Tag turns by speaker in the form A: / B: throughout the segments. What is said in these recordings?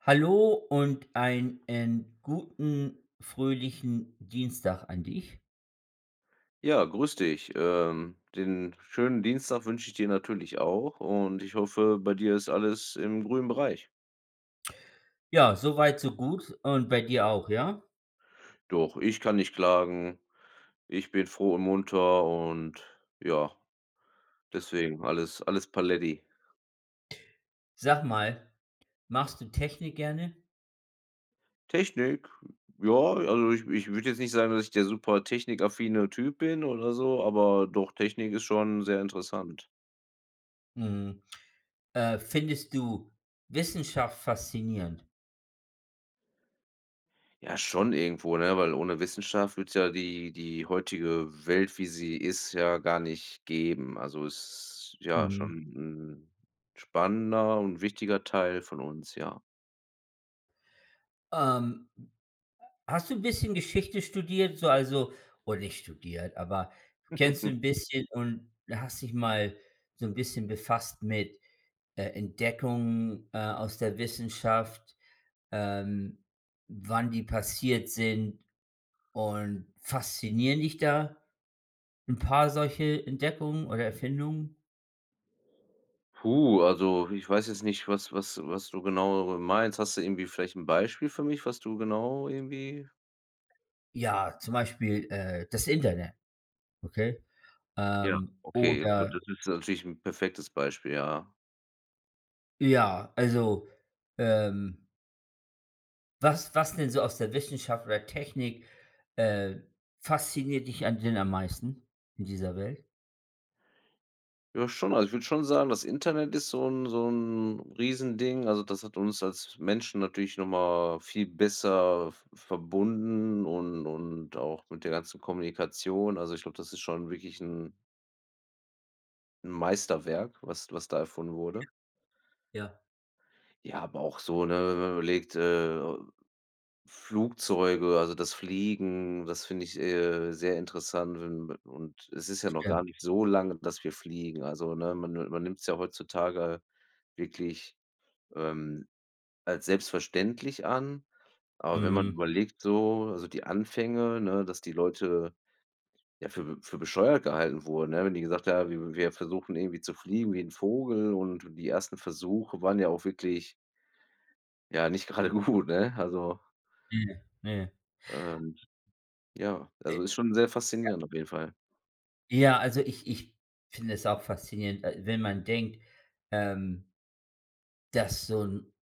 A: Hallo und einen guten, fröhlichen Dienstag an dich.
B: Ja. Grüß dich, ähm, den schönen Dienstag wünsche ich dir natürlich auch und ich hoffe, bei dir ist alles im grünen Bereich.
A: Ja, so weit, so gut. Und bei dir auch, ja?
B: Doch, ich kann nicht klagen. Ich bin froh und munter und ja. Deswegen, alles alles Paletti.
A: Sag mal, magst du Technik gerne?
B: Technik? Ja, also, ich ich würde jetzt nicht sagen, dass ich der super technikaffine Typ bin oder so, aber doch, Technik ist schon sehr interessant.
A: Mhm. Äh, findest du Wissenschaft faszinierend?
B: Ja schon irgendwo, ne, weil ohne Wissenschaft würde es ja die die heutige Welt, wie sie ist, ja gar nicht geben. Also, ist ja schon
A: Mhm.
B: 'n spannender und wichtiger Teil von uns, ja.
A: Ähm, hast du bisschen Geschichte studiert, so also, oder nicht studiert, aber kennst du 'n bisschen und hast dich mal so 'n bisschen befasst mit, äh, Entdeckungen, äh, aus der Wissenschaft, ähm, wann die passiert sind und faszinieren dich da 'n paar solche Entdeckungen oder Erfindungen?
B: Puh, also, ich weiß jetzt nicht, was was was du genau [unintelligible] meinst. Hast du irgendwie vielleicht 'n Beispiel für mich, was du genau, irgendwie?
A: Ja, zum Beispiel, äh, das Internet, okay?
B: Ja,
A: Ähm,
B: okay, gut,
A: oder
B: das ist natürlich 'n perfektes Beispiel. Ja.
A: Ja, also, ähm was was denn so aus der Wissenschaft oder Technik, äh, fasziniert dich an denn am meisten, in dieser Welt?
B: Ja schon. Also, ich würde schon sagen, das Internet ist so 'n so 'n Riesending. Also, das hat uns als Menschen natürlich noch mal viel besser v verbunden. Und und auch mit der ganzen Kommunikation. Also, ich glaube, das ist schon wirklich 'n 'N Meisterwerk, was was da erfunden wurde.
A: Ja. Ja.
B: Ja, aber auch so, ne? Wenn man überlegt, äh, Flugzeuge, also, das Fliegen, das finde ich, äh, sehr interessant. Und und es ist ja noch gar
A: Stimmt.
B: nicht so lange, dass wir fliegen, also, ne? Man ni man nimmt's ja heutzutage wirklich, ähm, als selbstverständlich an. Aber wenn man
A: Mhm.
B: überlegt, so also, die Anfänge, ne? Dass die Leute, ja, für für bescheuert gehalten wurde, ne? Wenn die gesagt haben: „W wir versuchen irgendwie, zu fliegen wie 'n Vogel.“ Und die ersten Versuche waren ja auch wirklich ja, nicht gerade gut, ne, also
A: Hier ne.
B: ähm, ja,
A: Äh,
B: also, ist schon sehr
A: ja.
B: faszinierend, auf jeden Fall.
A: Ja, also, ich ich finde es auch faszinierend, äh, wenn man denkt, ähm dass so 'n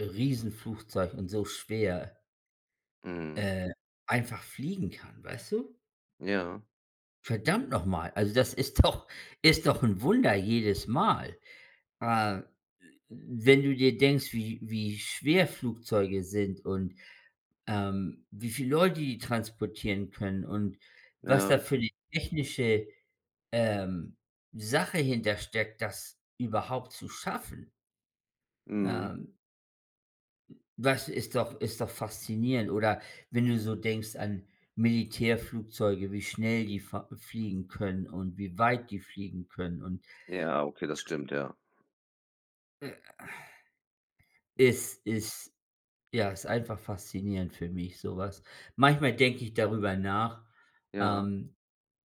A: Riesenflugzeug und so schwer
B: Mhm.
A: äh, einfach fliegen kann, weißt du?
B: Ja.
A: Verdammt noch mal. Also, das ist doch ist doch 'n Wunder jedes Mal. Äh, wenn du dir denkst, wie wie schwer Flugzeuge sind und, ähm, wie viel Leute die transportieren können und was
B: Ja,
A: da für
B: richtig.
A: 'ne technische, ähm, Sache hintersteckt, das überhaupt zu schaffen.
B: Mhm.
A: Ähm das ist doch ist doch faszinierend. Oder, wenn du so denkst an Militärflugzeuge, wie schnell die fa fliegen können und wie weit die fliegen können und
B: Ja, okay, das stimmt, ja.
A: Äh es, ist ja, ist einfach faszinierend für mich sowas. Manchmal denke ich darüber nach,
B: Ja.
A: ähm,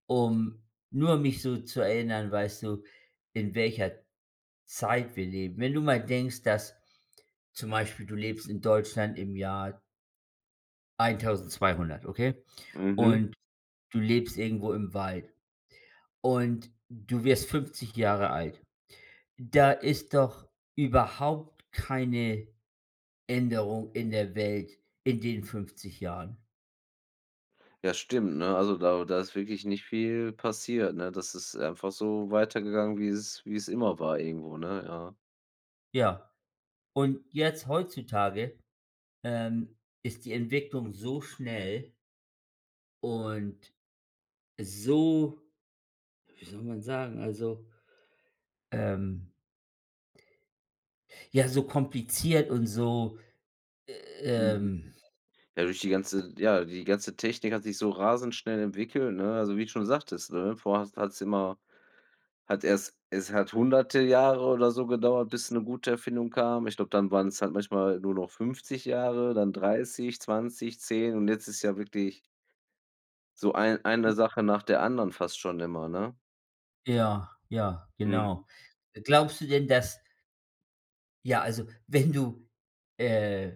A: um nur mich so zu erinnern, weißt du? In welcher Zeit wir leben. Wenn du mal denkst, dass zum Beispiel, du lebst in Deutschland im Jahr 1200 okay?
B: Mhm.
A: Und du lebst irgendwo im Wald. Und du wirst 50 Jahre alt. Da ist doch überhaupt keine Änderung in der Welt in den 50 Jahren.
B: Ja, stimmt, ne? Also, da da ist wirklich nicht viel passiert, ne? Das ist einfach so weitergegangen, wie es wie es immer war, irgendwo, ne? Ja.
A: Ja, und jetzt heutzutage, ähm, ist die Entwicklung so schnell Und so wie soll man sagen, also, ähm ja, so kompliziert und so,
B: Mhm.
A: ähm
B: Ja, durch die ganze ja, die ganze Technik hat sich so rasend schnell entwickelt, ne? Also, wie du schon sagtest, ne? Vorher hast hat's immer hat erst es hat hunderte Jahre oder so gedauert, bis 'ne gute Erfindung kam. Ich glaube, dann waren's halt manchmal nur noch 50 Jahre, dann 30, 20, 10, und jetzt ist ja wirklich so ein
A: [unintelligible]
B: eine Sache nach der anderen fast schon immer, ne?
A: Ja, ja,
B: Mhm.
A: genau. Äh, glaubst du denn, dass ja, also, wenn du, äh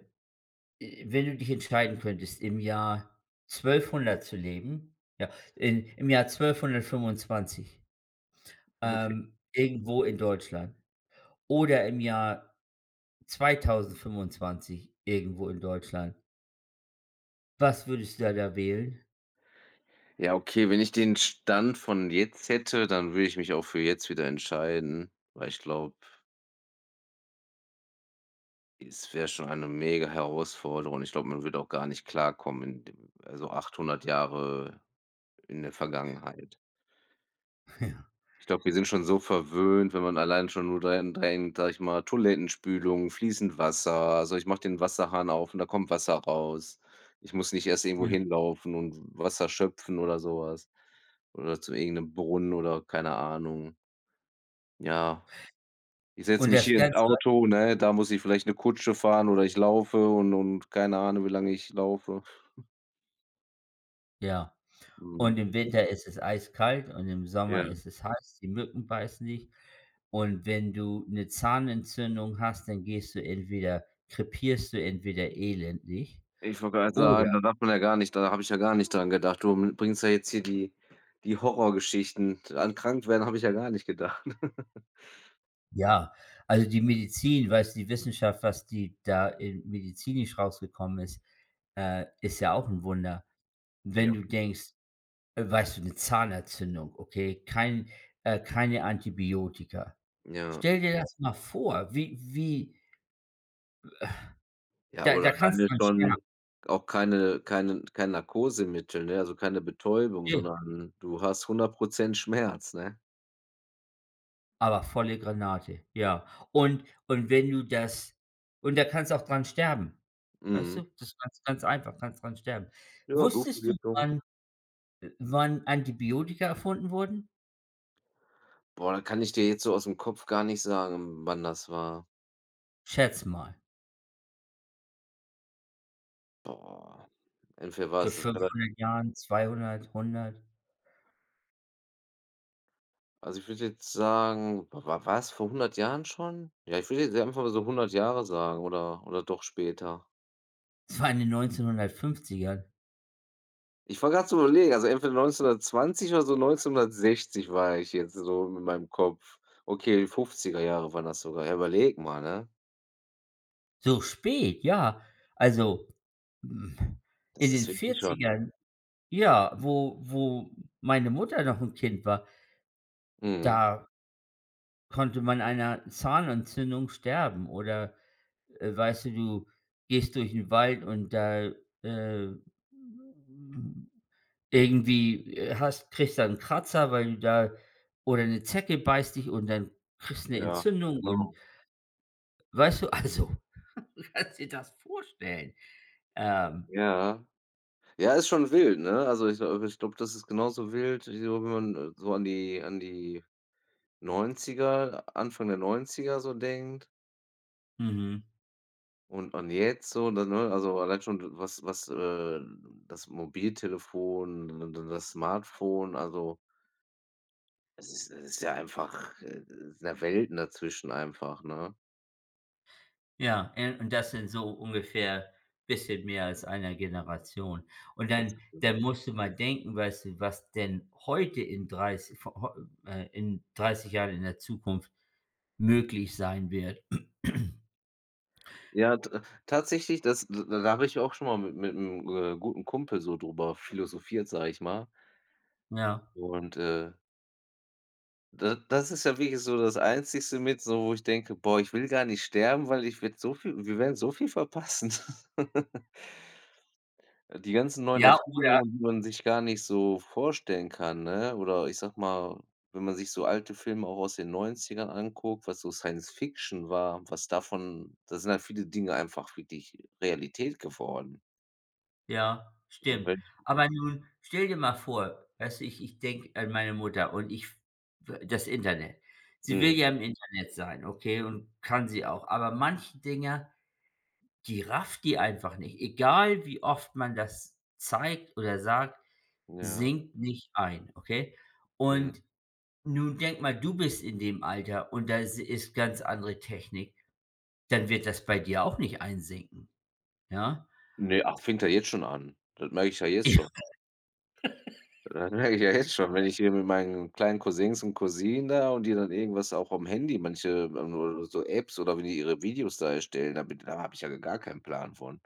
A: äh, wenn du dich entscheiden könntest, im Jahr 1200 zu leben ja, im im Jahr 1225,
B: Okay.
A: ähm, irgendwo in Deutschland oder im Jahr 2025 irgendwo in Deutschland was würdest da da wählen?
B: Ja okay, wenn ich den Stand von jetzt hätte, dann würde ich mich auch für jetzt wieder entscheiden, weil ich glaube es wäre schon eine mega Herausforderung. Ich glaube, man wird auch gar nicht klarkommen in dem also, 800 Jahre in der Vergangenheit.
A: Ja.
B: Ich glaube, wir sind schon so verwöhnt, wenn man allein schon nur dahin denkt, sage ich mal, Toilettenspülung, fließend Wasser. Also, ich mache den Wasserhahn auf und da kommt Wasser raus. Ich muss nicht erst irgendwo
A: Ja.
B: hinlaufen und Wasser schöpfen oder sowas oder zu irgend 'nem Brunnen, oder, keine Ahnung. Ja. Ich setze
A: Und
B: mich
A: das
B: hier ins
A: Ganze
B: Auto, ne? Da muss ich vielleicht 'ne Kutsche fahren oder ich laufe und und keine Ahnung, wie lange ich laufe.
A: Ja. Und
B: Mhm.
A: im Winter isses eiskalt und im Sommer
B: Ja.
A: isses heiß, die Mücken beißen dich. Und wenn du 'ne Zahnentzündung hast, dann gehst du entweder krepierst du entweder elendig,
B: Ich wollte grad
A: oder
B: sagen, da darf man ja gar nicht da habe ich ja gar nicht dran gedacht. Du bringst ja jetzt hier die die Horrorgeschichten, an Krankwerden habe ich ja gar nicht gedacht.
A: Ja. Also, die Medizin, weißt du, die Wissenschaft, was die da in medizinisch rausgekommen ist, äh, ist ja auch 'n Wunder. Wenn
B: Ja.
A: du denkst äh, weißt du, 'ne Zahnentzündung. Okay, kein äh, keine Antibiotika.
B: Ja.
A: Stell dir das mal vor, wie wie w
B: Ja,
A: da da
B: oder
A: kannst
B: alleine
A: dran sterben.
B: schon auch keine keinen kein Narkosemittel, ne? Also, keine Betäubung,
A: Ne.
B: sondern du hast 100 % Schmerz, ne?
A: Aber volle Granate. Ja, und und wenn du das und da kannst du auch dran sterben. Weißt
B: Mhm.
A: du, das ganz ganz einfach. Kannst dran sterben.
B: Ja,
A: Wusstest du
B: Blutvergiftung.
A: wann äh, wann Antibiotika erfunden wurden?
B: Boah, kann ich dir jetzt so aus 'm Kopf gar nicht sagen, wann das war.
A: Schätz mal.
B: Boah, äh, für
A: Vor
B: was, das wird halt
A: 500 Jahren, 200, 100?
B: Also, ich würde jetzt sagen, wa wa war's vor 100 Jahren schon? Ja, ich würde jetzt hier einfach mal so 100 Jahre sagen, oder oder doch später?
A: Es war in den 1950ern.
B: Ich war grad zu überlegen. Also, entweder 1920 oder so 1960 war ich jetzt so mit meinem Kopf. Okay, 50er Jahre waren das sogar. Ja, überlege mal, ne?
A: So spät, ja. Also, hm, in
B: Das
A: den
B: ist wirklich schon
A: 40ern ja, wo wo meine Mutter noch 'n Kind war
B: Mhm.
A: da konnte man einer Zahnentzündung sterben, oder, äh, weißt du, du gehst durch 'n Wald und da, äh, m irgendwie, äh, hast kriegst da 'n Kratzer, weil du da oder 'ne Zecke beißt dich. Und dann kriegst 'ne
B: Ja,
A: Entzündung und
B: genau.
A: weißt du, also, kannst dir das vorstellen? Ähm
B: Ja. Ja ist schon wild, ne? Also, ich, äh ich glaube, das ist genauso wild wie so wenn man so an die an die 90er, Anfang der 90er so denkt.
A: Mhm.
B: Und an jetzt so dann, ne? Also, alleine schon was was, äh, das Mobiltelefon, da da das Smartphone, also Es ist es ist ja einfach, äh sind ja Welten dazwischen einfach, ne?
A: Ja, äh, und das sind so ungefähr bisschen mehr als 1 Generation. Und
B: Das
A: dann
B: ist immer
A: dann musst du mal denken, weißt du, was denn heute in dreiß vo heu äh, in 30 Jahren in der Zukunft möglich sein wird.
B: Ja, ta tatsächlich, das da habe ich auch schon mal mit mit'm, äh, guten Kumpel so drüber philosophiert, sage ich mal.
A: Ja.
B: Und äh da das ist ja wirklich so das Einzigste mit, so wo ich denke: „Boah, ich will gar nicht sterben, weil ich werde so viel wir werden so viel verpassen.“ Äh, die ganzen neuen
A: Ja, oder
B: Erfindungen, die man sich gar nicht so vorstellen kann, ne? Oder ich sage mal, wenn man sich so alte Filme auch aus den 90er anguckt, was so Science-Fiction war, was davon da sind halt viele Dinge einfach wirklich Realität geworden.
A: Ja,
B: Und
A: stimmt.
B: wenn
A: Aber nun stell dir mal vor, weißt du? Ich ich denke an meine Mutter und ich f äh, das Internet. Sie will
B: Mhm.
A: ja im Internet sein. Okay, und kann sie auch. Aber manche Dinger, die rafft die einfach nicht. Egal, wie oft man das zeigt oder sagt,
B: Ja.
A: sinkt nicht ein, okay?
B: Mhm.
A: Und nun denke mal, du bist in dem Alter. Und das is ist ganz andere Technik. Dann wird das bei dir auch nicht einsinken. Ja?
B: Ne, ach, fängt ja jetzt schon an. Das merke ich ja jetzt schon. Das merke ich ja jetzt schon, wenn
A: [unintelligible]
B: ich hier mit meinen kleinen Cousins und Cousinen da und die dann irgendwas auch am Handy, manche ähm, ähm, so Apps oder wie die ihre Videos da erstellen, da bin da habe ich ja gar keinen Plan von.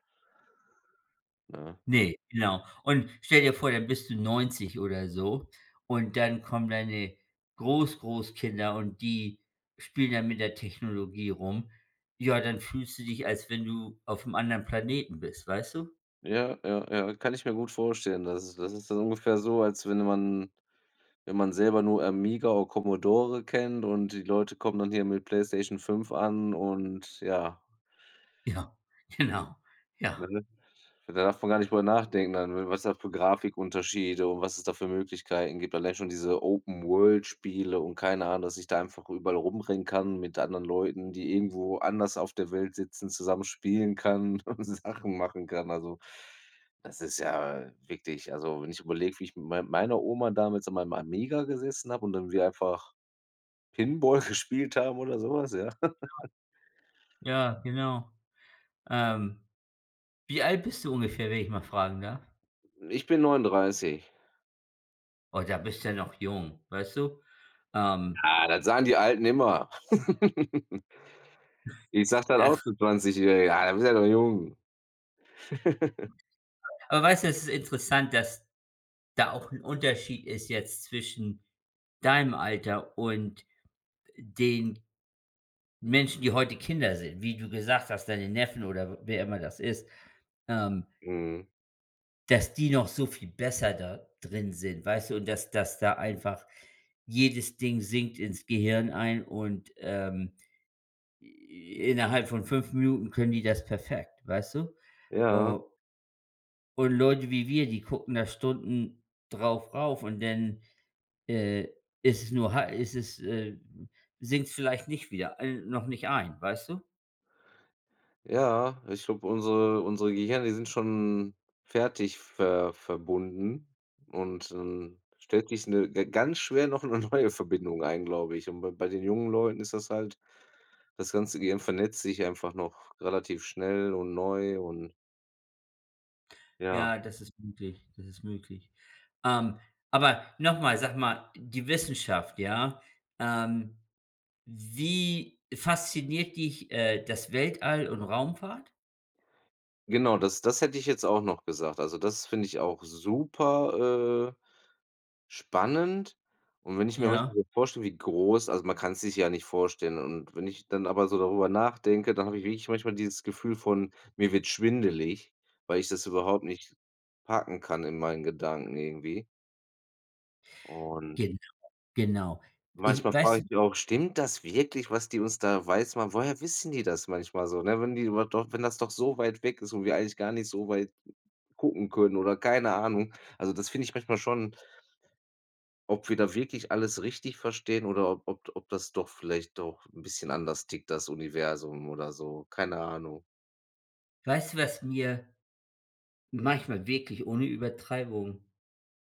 B: Ne?
A: Ne, genau. Und stell dir vor, dann bist du 90 oder so. Und dann kommen deine Groß-Großkinder. Und die spielen dann mit der Technologie rum. Ja, dann fühlst du dich, als wenn du aufm anderen Planeten bist, weißt du?
B: Ja, ja, ja, kann ich mir gut vorstellen. Das ist das ist dann ungefähr so, als wenn man wenn man selber nur Amiga o Commodore kennt und die Leute kommen dann hier mit PlayStation 5 an und ja.
A: Ja, genau. Ja.
B: Ne? Da darf man gar nicht drüber nachdenken, an was das für Grafikunterschiede und was es da für Möglichkeiten gibt, allein schon diese Open-World-Spiele und keine Ahnung, dass ich da einfach überall rumrennen kann mit anderen Leuten, die irgendwo anders auf der Welt sitzen, zusammen spielen kann und Sachen machen kann. Also, das ist ja wirklich, also, wenn ich überlege, wie ich mei meiner Oma damals an meinem Amiga gesessen habe und dann wir einfach Pinball gespielt haben oder sowas, ja?
A: Ja. Ja, genau. Ähm, wie alt bist du ungefähr, wenn ich mal fragen darf?
B: Ich bin 39.
A: Oh, da bist du ja noch jung, weißt du, ähm
B: Ha, das sagen die Alten immer. Ich sage dann
A: Ja.
B: auch zu 20 jährige: „Ah, du bist ja noch jung.“
A: Aber weißt du, es ist interessant, dass da auch 'n Unterschied ist, jetzt zwischen deinem Alter und den Menschen, die heute Kinder sind, wie du gesagt hast, deine Neffen oder w wer immer das ist, ähm
B: Mhm.
A: Das die noch so viel besser da drin sind, weißt du? Und dass dass da einfach jedes Ding sinkt ins Gehirn ein und, ähm. I innerhalb von 5 Minuten können die das perfekt, weißt du?
B: Ja.
A: O Und Leute wie wir, die gucken da Stunden darauf und denn, äh, ist es nur ha ist es, äh sinkt's vielleicht nicht wieder äh, noch nicht ein, weißt du?
B: Ja, ich glaube, unsere unsere Gehirne, die sind schon fertig ver verbunden. Und, ähm, stellt sich 'ne g ganz schwer noch 'ne neue Verbindung ein, glaube ich. Und bei bei den jungen Leuten ist das halt das ganze Gehirn vernetzt sich einfach noch relativ schnell und neu und Ja.
A: Ja, das ist möglich, das ist möglich. Ähm, aber noch mal, sag mal, die Wissenschaft, ja? Ähm, wie fasziniert dich, äh, das Weltall und Raumfahrt?
B: Genau das das hätte ich jetzt auch noch gesagt. Also, das finde ich auch super, äh, spannend. Und wenn ich mir
A: Ja.
B: manchmal so vorstelle, wie groß also, man kann's sich ja nicht vorstellen. Und wenn ich dann aber so darüber nachdenke, dann habe ich wirklich manchmal dieses Gefühl von: „Mir wird schwindelig“, weil ich das überhaupt nicht packen kann in meinen Gedanken irgendwie. Und
A: Genau, genau. Ich
B: manchmal
A: weißt du
B: frage ich auch: „Stimmt das wirklich, was die uns da weiß machen?“ Woher wissen die das manchmal so, ne, wenn die überhaupt doch wenn das doch so weit weg ist und wir eigentlich gar nicht so weit gucken können, oder keine Ahnung. Also, das finde ich manchmal schon ob wir da wirklich alles richtig verstehen oder ob ob d ob das doch vielleicht doch 'n bisschen anders tickt, das Universum oder so, keine Ahnung.
A: Weißt du, was mir manchmal wirklich ohne Übertreibung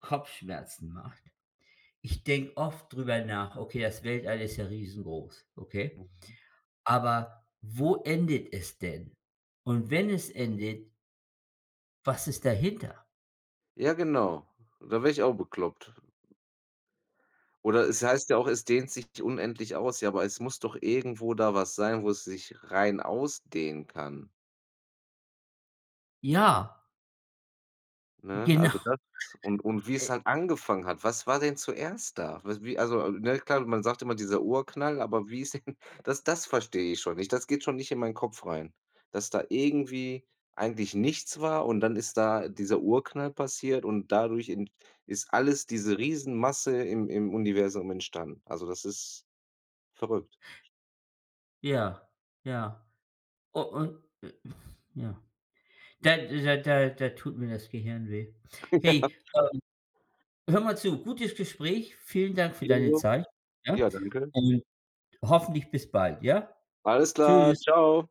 A: Kopfschmerzen macht? Ich denke oft drüber nach: „Okay, das Weltall ist ja riesengroß, okay?
B: Mhm.
A: Aber, wo endet es denn?“ Und wenn es endet „was ist dahinter?“.
B: Ja, genau. Da werde ich auch bekloppt. Oder es heißt ja auch, es dehnt sich unendlich aus, ja, aber es muss doch irgendwo da was sein, wo es sich rein ausdehnen kann?!
A: Ja.
B: Ne, also,
A: Genau.
B: das und und
A: Äh
B: wie's halt angefangen hat. Was war denn zuerst da? Was wie also, ne klar, man sagt immer dieser Urknall, aber wie ist denn das das verstehe ich schon nicht. Das geht schon nicht in meinen Kopf rein, dass da irgendwie eigentlich nichts war. Und dann ist da dieser Urknall passiert und dadurch in ist alles, diese Riesenmasse im im Universum entstanden. Also, das ist verrückt.
A: Ja, ja. U und, äh ja. Da da da da tut mir das Gehirn weh.
B: Ja.
A: Hey, ähm, hör mal zu, gutes Gespräch. Vielen Dank für deine
B: Ebenso.
A: Zeit, ja?
B: Ja, danke.
A: Und hoffentlich bis bald, ja?
B: Alles klar,
A: Tschüss.
B: Tschau.